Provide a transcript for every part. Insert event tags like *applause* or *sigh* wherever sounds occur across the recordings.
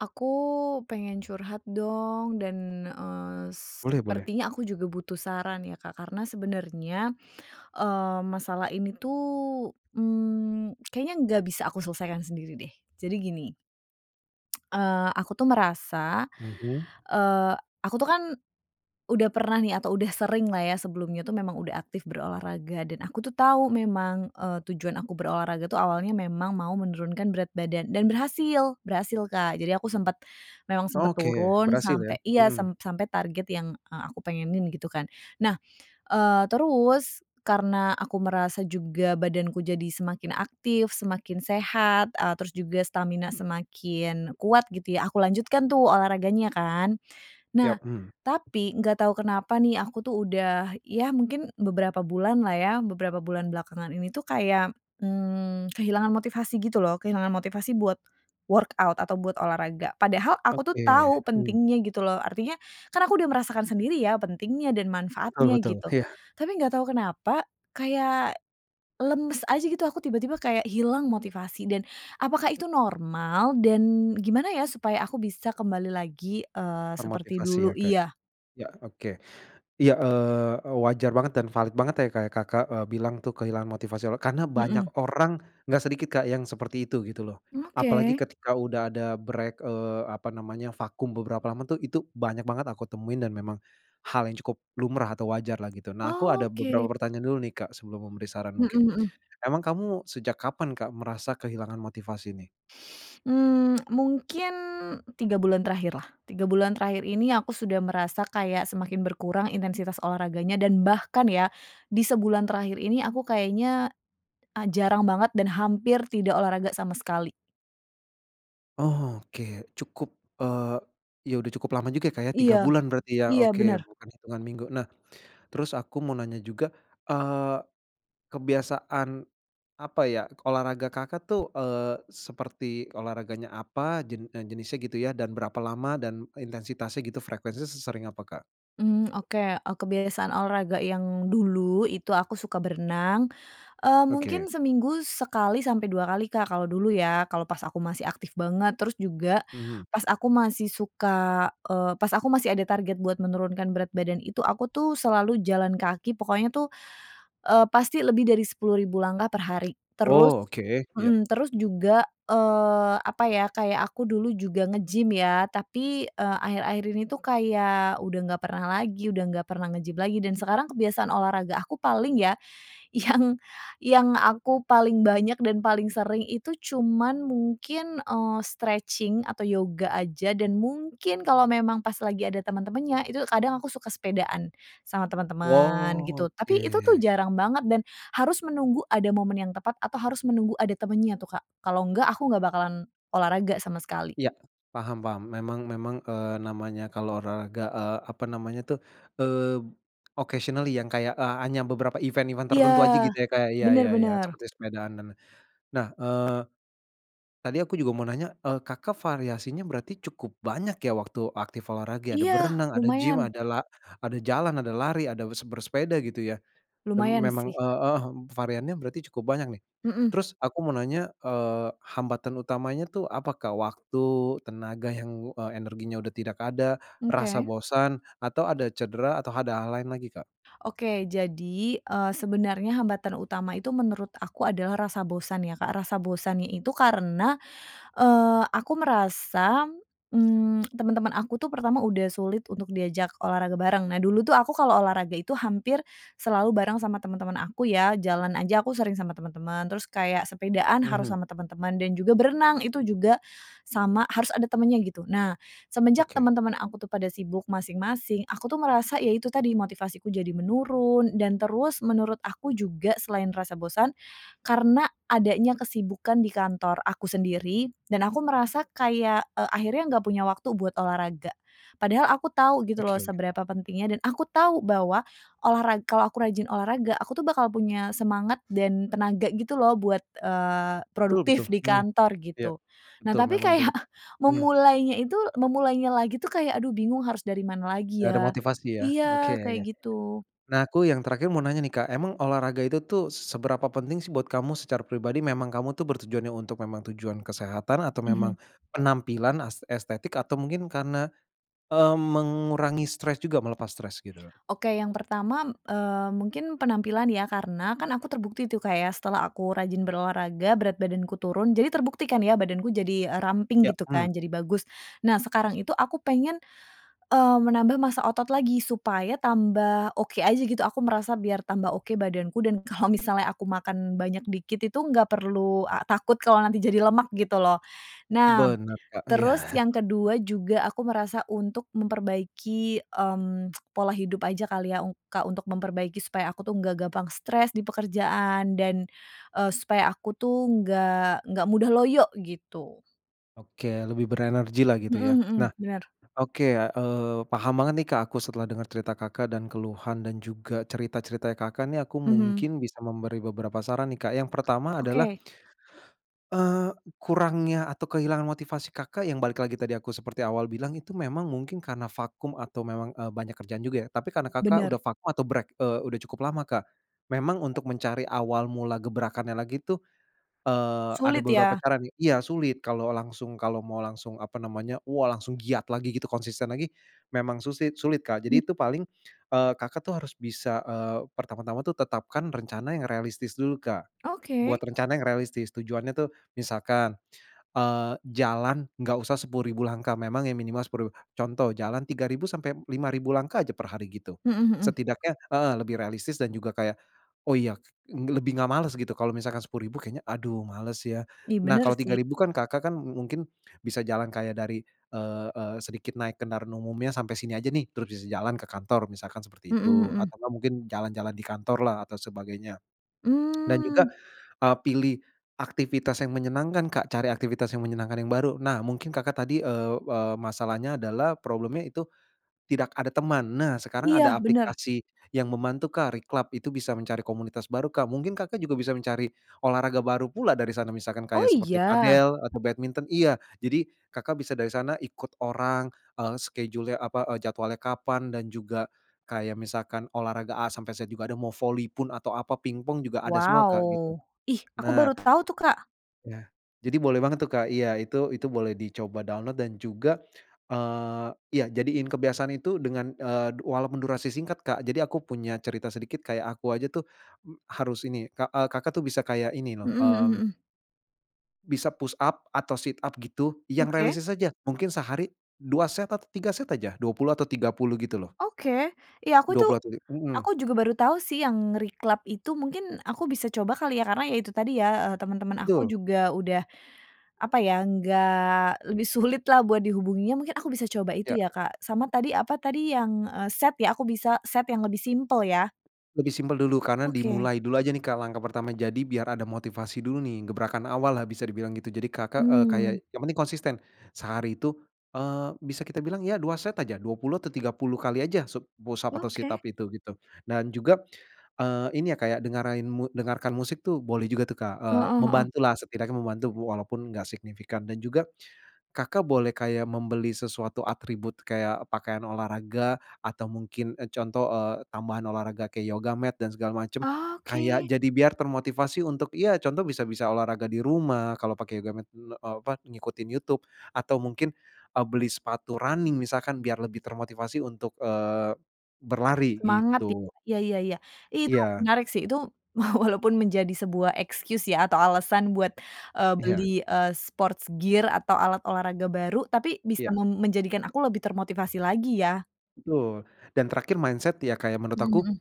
Aku pengen curhat dong dan, eee Boleh boleh. sepertinya aku juga butuh saran ya, Kak, karena sebenernya eee masalah ini tuh, mhm, *clicks tongue* kayaknya nggak bisa aku selesaikan sendiri, deh. Jadi, gini *clicks tongue* eee aku tuh merasa Mhm. eee, aku tuh kan udah pernah nih, atau udah seringlah ya, sebelumnya itu memang udah aktif berolahraga dan aku tuh tahu memang, eee, tujuan aku berolahraga itu awalnya memang mau menurunkan berat badan dan berhasil, berhasil, Kak. Jadi aku sempet, memang sempet Oke, turun berhasil ya? sampai iya, sem Hmm. sampai target yang e aku pengenin, gitu kan. Nah, eee, terus karena aku merasa juga badanku jadi semakin aktif, semakin sehat, e terus juga stamina semakin kuat, gitu ya aku lanjutkan tuh olahraganya, kan. Nah, Yap, mhm. tapi nggak tahu kenapa nih, aku tuh udah ya mungkin beberapa bulanlah ya, beberapa bulan belakangan ini tuh kayak, hmm, kehilangan motivasi, gitu loh. Kehilangan motivasi buat workout atau buat olahraga. Padahal aku tuh Oke, tahu hmm. pentingnya, gitu loh. Artinya kan aku udah merasakan sendiri ya pentingnya dan Betul manfaatnya, betul, gitu. iya. Tapi nggak tahu kenapa kayak lemes aja, gitu. Aku tiba-tiba kayak hilang motivasi dan apakah itu normal? Dan gimana ya supaya aku bisa kembali lagi, eee, seperti Termotivasi dulu? ya, Kak? Iya. Ya, oke. Ya, eee, wajar banget dan valid banget ya, kayak Kakak e bilang tuh, kehilangan motivasi, apa, karena banyak Heeh. orang enggak sedikit, Kak, yang seperti itu, gitu loh. Mmm, Apalagi oke. ketika udah ada break, eee, apa namanya vakum beberapa lama tuh, itu banyak banget aku temuin dan memang hal yang cukup lumrah atau wajarlah, gitu. Nah, aku ada beberapa Oke. pertanyaan dulu nih, Kak, sebelum memberi saran, Heeh, mungkin. mhm. Emang kamu sejak kapan, Kak, merasa kehilangan motivasi nih? Hmm, mungkin 3 bulan terakhirlah. 3 bulan terakhir ini aku sudah merasa kayak semakin berkurang intensitas olahraganya, dan bahkan ya, di sebulan terakhir ini aku kayaknya a jarang banget dan hampir tidak olahraga sama sekali. Oh, oke, cukup, eee, ya, udah cukup lama juga ya, Kak, ya, 3 Iya. bulan berarti, ya? Iya, Oke, benar. bukan hitungan minggu. Nah, terus aku mau nanya juga, eee, kebiasaan, apa ya, olahraga Kakak tuh, eee, seperti olahraganya apa? Jen eee, jenisnya, gitu ya, dan berapa lama? Dan, intensitasnya, gitu, frekuensinya sesering apa Kak? Mmm, oke, eee, kebiasaan olahraga yang dulu, itu aku suka berenang, eee, mungkin Oke. seminggu sekali sampai 2 kali Kak, kalau dulu ya, kalau pas aku masih aktif banget. Terus juga, Mhm. pas aku masih suka, eee, pas aku masih ada target buat menurunkan berat badan itu, aku tuh, selalu jalan kaki, pokoknya tuh, eee, pasti lebih dari 10.000 langkah per hari. Terus Oh, oke. Iya. mhm, terus juga, eee, apa ya, kayak aku dulu juga nge-gym, ya. Tapi, eee, akhir-akhir ini itu kayak, udah nggak pernah lagi, udah nggak pernah nge-gym lagi, dan sekarang kebiasaan olahraga aku paling ya, yang yang aku paling banyak dan paling sering itu, cuman mungkin, eee, stretching atau yoga aja, dan mungkin, kalau memang pas lagi ada teman-temannya, itu kadang aku suka sepedaan, sama teman-teman, Wow, gitu. Tapi, itu tuh, oke. jarang banget dan harus menunggu ada momen yang tepat, atau harus menunggu ada temennya tuh, Kak, kalau enggak, aku enggak bakalan olahraga, sama sekali. Iya, paham paham. Memang memang, eee, namanya kalau olahraga, eee, apa namanya tuh, eee, occasionally, yang kayak, eee, hanya beberapa event-event Iya. tertentu aja, gitu ya, Kak? Iya Benar iya iya, benar. seperti sepedaan dan lain. Nah, eee, tadi aku juga mau nanya, eee, Kakak variasinya berarti cukup banyak ya, waktu aktif olahraga, ya? Ada Iya, berenang, ada gym lumayan. ada la ada jalan, ada lari, ada se bersepeda, gitu ya? Mem Lumayan memang, sih. eee, eh, variannya berarti cukup banyak, nih. Mhm. Terus, aku mau nanya, eee, hambatan utamanya tuh, apa Kak? Waktu, tenaga yang, eee, energinya udah tidak ada, rasa Oke. bosan, atau, ada cedera? Atau, ada hal lain lagi Kak? Oke, jadi, eee, sebenarnya hambatan utama itu, menurut aku adalah rasa bosan ya, Kak, rasa bosannya itu karena, eee, aku merasa mmm, *smacks lips* teman-teman aku tuh, pertama udah sulit untuk diajak olahraga bareng. Nah, dulu tuh aku kalau olahraga itu hampir selalu bareng sama teman-teman aku ya, jalan aja, aku sering sama teman-teman. Terus, kayak sepedaan harus Mhm. sama teman-teman, dan juga, berenang, itu juga, sama harus ada temannya, gitu. Nah, semenjak Oke. teman-teman aku tuh, pada sibuk masing-masing, aku tuh merasa, ya itu tadi, motivasiku jadi menurun, dan terus, menurut aku juga selain rasa bosan. Karena, adanya kesibukan di kantor aku sendiri dan aku merasa kayak, eee, akhirnya nggak punya waktu buat olahraga. Padahal, aku tahu gitu loh, Oke. seberapa pentingnya, dan aku tahu bahwa olahra kalau aku rajin olahraga, aku tuh bakal punya semangat dan tenaga, gitu loh, buat, eee, Betul produktif betul. di Hmm. kantor, Iya. gitu. Nah, Betul, tapi memang itu kayak hmm. memulainya itu memulainya lagi itu kayak, "Aduh bingung, harus dari mana lagi Enggak ada ya?" motivasi, ya? Oke, Iya, ya kayak ya. gitu. Nah, aku yang terakhir mau nanya nih, Kak, emang olahraga itu tuh, seberapa penting sih buat kamu secara pribadi? Memang kamu tuh, bertujuannya untuk memang tujuan kesehatan? Atau, memang Mhm. penampilan as estetik, atau mungkin karena, eee, mengurangi stres juga, melepas stres, gitu? Oke, yang pertama, eee, mungkin penampilan ya. Karena, kan, aku terbukti tuh, Kak, ya, setelah aku rajin berolahraga, berat badanku turun, jadi terbukti kan, ya, badanku jadi, eee, ramping, Ya, gitu mmm. kan, jadi bagus. Nah, sekarang itu aku pengen, eee, menambah masa otot lagi supaya tambah, oke aja, gitu, aku merasa biar tambah, oke, badanku, dan kalau misalnya aku makan banyak, dikit itu nggak perlu, eee, takut, kalau nanti jadi lemak, gitu loh. Nah, Benar, Kak, terus iya. yang ke-2 juga aku merasa untuk memperbaiki, mmm, *tsk* pola hidup aja kali ya, Kak, untuk memperbaiki supaya aku itu enggak gampang stres di pekerjaan, dan, eee, supaya aku tuh nggak nggak mudah loyo, gitu. Oke lebih berenergilah gitu ya. Mhm mhm. Nah. Bener. Oke, eee, paham banget nih, Kak, aku setelah denger cerita Kakak dan keluhan dan juga cerita-ceritanya Kakak nih aku Mhm. mungkin bisa memberi beberapa saran nih, Kak, yang pertama adalah. Oke. Eee, kurangnya atau kehilangan motivasi Kakak yang balik lagi tadi aku seperti awal bilang itu memang mungkin karena vakum atau memang, eee, banyak kerjaan juga ya. Tapi karena Kakak Bener. udah vakum atau break, eee, udah cukup lama, Kak. Memang untuk mencari awal mula gebrakannya lagi tuh, eee, ada Sulit beberapa ya? cara nih. Iya sulit kalo langsung, kalo mau langsung apa namanya, wah langsung giat lagi gitu konsisten lagi, memang susi sulit, Kak. Mmm. Jadi itu paling, eee, Kakak tuh harus bisa, eee, pertama-tama tuh tetapkan rencana yang realistis dulu, Kak. Buat Oke. rencana yang realistis. Tujuannya tuh misalkan, eee, jalan enggak usah 10.000 langkah, memang yang minimal 10.000, contoh jalan 3.000 sampai 5.000 langkah aja per hari gitu. Mhm mhm. Setidaknya heeh, lebih realistis dan juga kayak, "Oh iya nge lebih enggak males," gitu kalo misalkan 10.000 kayaknya, "Aduh males ya." Ih Nah bener kalo tiga sih. ribu kan Kakak kan mungkin bisa jalan kayak dari, eee eee, sedikit naik kendaraan umumnya sampai sini aja nih terus bisa jalan ke kantor misalkan seperti Mhm itu mhm. atau enggak mungkin jalan-jalan di kantorlah atau sebagainya. *smacks lips* Dan juga, Mmm. eee, pilih aktivitas yang menyenangkan, Kak, cari aktivitas yang menyenangkan yang baru. Nah mungkin Kakak tadi, eee, eee, masalahnya adalah problemnya itu, tidak ada teman. Nah sekarang ada Iya bener. aplikasi yang membantu, Kak, Reclub itu bisa mencari komunitas baru, Kak, mungkin Kakak juga bisa mencari olahraga baru pula dari sana. Misalkan Oh kayak seperti iya? padel atau badminton. Iya, jadi Kakak bisa dari sana ikut orang, eee, schedule-nya apa, eee, jadwalnya kapan dan juga kayak misalkan olahraga A sampe Z juga ada, mau voli pun atau apa ping-pong juga ada semua, Kak, gitu, Wow. Ih, aku Nah. baru tahu tuh, Kak. Ya. Jadi boleh banget tuh, Kak, iya itu, itu boleh dicoba download dan juga, eee, ya jadiin kebiasaan itu dengan, eee, walaupun durasi singkat, Kak. Jadi aku punya cerita sedikit kayak aku aja tuh, m harus ini, Kak, eee, Kakak tuh bisa kayak ini loh, Mhm mhm mmm mhm. Bisa push up atau sit up gitu, yang Oke. realistis aja. Mungkin sehari 2 set atau 3 set aja, 20 atau 30, gitu loh. Oke. Ya, aku dua itu puluh atau ti heeh. aku juga baru tahu sih yang reclub itu, mungkin aku bisa coba kali ya? Karena ya itu tadi ya, eh, teman-teman aku Betul. juga udah, apa ya, enggak lebih sulitlah buat dihubunginya. Mungkin aku bisa coba itu Ya. ya, Kak. Sama tadi apa tadi yang, eee, set ya aku bisa set yang lebih simpel ya? Lebih simpel dulu, karena Oke. dimulai dulu aja nih, Kak, langkah pertama. Jadi biar ada motivasi dulu nih, gebrakan awal lah bisa dibilang gitu. Jadi, Kakak Mhm. kayak yang penting konsisten, sehari itu, eee, bisa kita bilang ya, 2 set aja, 20 atau 30 kali aja sub-push up atau sit up Oke. itu, gitu. Dan juga, eee, ini ya, kayak dengerin dengarkan musik tuh boleh juga tuh, Kak, eee, Heeh heeh. membantulah setidaknya membantu walaupun enggak signifikan. Dan juga, Kakak boleh kayak membeli sesuatu atribut, kayak pakaian olahraga, atau mungkin, e contoh, eee, tambahan olahraga kayak yoga mat dan segala macam, kayak Oke. jadi biar termotivasi untuk, ya contoh bisa bisa olahraga di rumah. Kalau pakai yoga mat, eee, apa, ngikutin YouTube, atau mungkin, eee, beli sepatu running misalkan, biar lebih termotivasi untuk, eee, berlari, Semangat ti gitu. iya iya iya. Itu Iya. menarik sih, itu walaupun menjadi sebuah excuse ya, atau alasan buat, eee, beli, Iya. eee, sports gear atau alat olahraga baru, tapi bisa Iya. mem menjadikan aku lebih termotivasi lagi, ya? Betul, dan terakhir mindset ya, Kak, ya, menurut Mmm, aku hmm.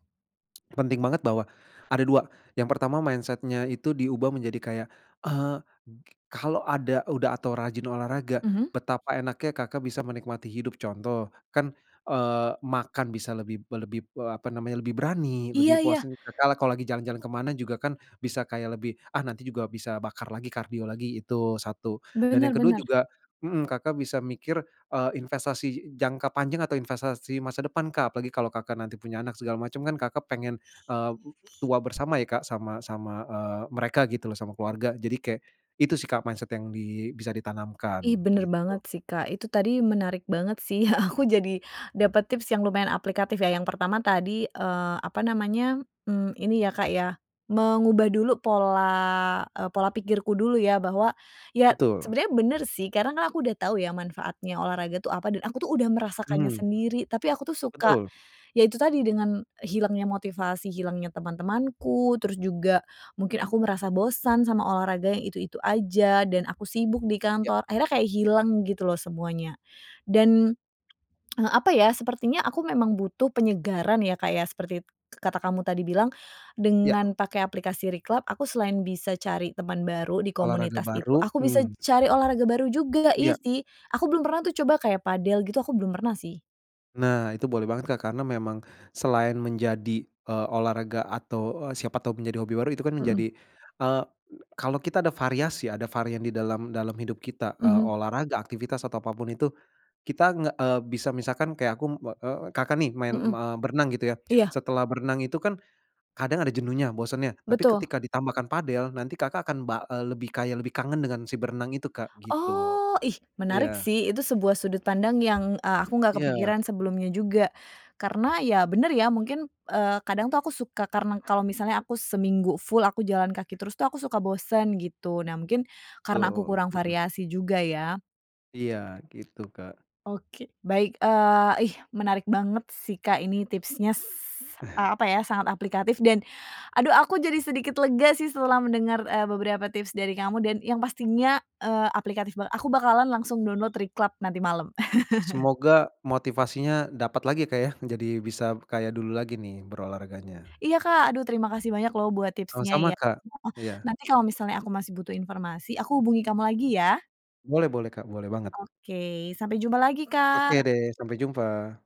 *tsk* penting banget bahwa, ada 2. Yang pertama, mindset-nya itu diubah menjadi kayak, eee, kalau ada udah, atau rajin olahraga, Mhm. betapa enaknya Kakak bisa menikmati hidup. Contoh, kan eee makan bisa lebih lebih, eee, apa namanya, lebih berani, lebih Iya iya. puasin, Kakak kalau lagi jalan-jalan ke mana juga, kan bisa kayak lebih, "Ah, nanti juga bisa bakar lagi, kardio lagi", itu 1. Dan yang Bener kedua, bener. juga, mhm, Kakak bisa mikir, eee, investasi jangka panjang atau investasi masa depan, Kak. Apalagi kalau Kakak punya anak segala macem, kan Kakak pengen, eee, m tua bersama ya, Kak, sama sama, eee, mereka gitu loh sama keluarga. Jadi kayak, itu sih, Kak, mindset yang di bisa Ih, ditanamkan, bener gitu. banget sih, Kak. Itu tadi menarik banget sih, aku jadi dapet tips yang lumayan aplikatif, ya. Yang pertama tadi, eee, apa namanya, mmm ini ya, Kak, ya, mengubah dulu pola, e pola pikirku dulu, ya. Bahwa, ya Betul. sebenernya bener sih, karena kan aku udah tahu ya manfaatnya olahraga tuh apa, dan aku tuh udah merasakannya Mhm. sendiri. Tapi aku tuh suka, Betul. yaitu tadi dengan, hilangnya motivasi, hilangnya teman-temanku, terus juga mungkin aku merasa bosan sama olahraga yang itu-itu aja, dan aku sibuk di Ya. kantor. Akhirnya kayak hilang gitu loh semuanya, dan, e *clicks tongue* apa ya, sepertinya aku memang butuh penyegaran ya, Kak, ya, seperti kata k kamu tadi bilang. Ya. Dengan pakai aplikasi Reclub, aku selain bisa cari temen baru di Olahraga komunitas itu, baru, aku bisa mmm. cari olahraga baru juga. Iya Iya. sih, aku belum pernah tuh coba kayak padel gitu, aku belum pernah, sih. Nah, itu boleh banget, Kak, karena memang selain menjadi, eee, olahraga atau, eee, siapa tahu menjadi hobi baru, itu kan Mhm. menjadi, eee, e kalau kita ada variasi, ada varian di dalam dalam hidup kita, eee, Mhm. olahraga, aktivitas, atau apa pun itu. Kita nge e bisa, misalkan kayak aku, be eee, Kakak nih main, Mhm. me berenang gitu ya. Iya. Setelah berenang itu kan kadang ada jenuhnya, bosennya. Tapi Betul. ketika ditambahkan padel, nanti Kakak akan bal eee, lebih kayak lebih kangen dengan si berenang itu, Kak, gitu. Oh, ih, menarik Iya. sih, itu sebuah sudut pandang yang, eee, aku nggak Iya. kepikiran sebelumnya juga. Karena ya bener, ya, mungkin, eee, kadang tuh aku suka, karena kalau misalnya aku seminggu full aku jalan kaki terus, tuh aku suka bosen gitu. Nah, mungkin karena aku Betul, kurang mhm. variasi juga, ya? Iya gitu, Kak. Oke, baik. Eee, ih, menarik banget sih, Kak, ini tipsnya, eee, *chuckles* apa ya, sangat aplikatif, dan aduh, aku jadi sedikit lega sih setelah mendengar, eee, beberapa tips dari kamu, dan yang pastinya, eee, aplikatif banget. Aku bakalan langsung download Reclub nanti malem. Semoga *laughs* motivasinya dapat lagi, Kak, ya. Jadi, bisa kayak dulu lagi nih berolahraganya. Iya, Kak. Aduh, terima kasih banyak loh buat tipsnya, Sama-sama, ya Kak. heeh. Iya. Nanti kalau misalnya aku masih butuh informasi, aku hubungi kamu lagi, ya? Boleh boleh, Kak, boleh banget. Oke. Sampai jumpa lagi, Oke Kak. deh, sampai jumpa.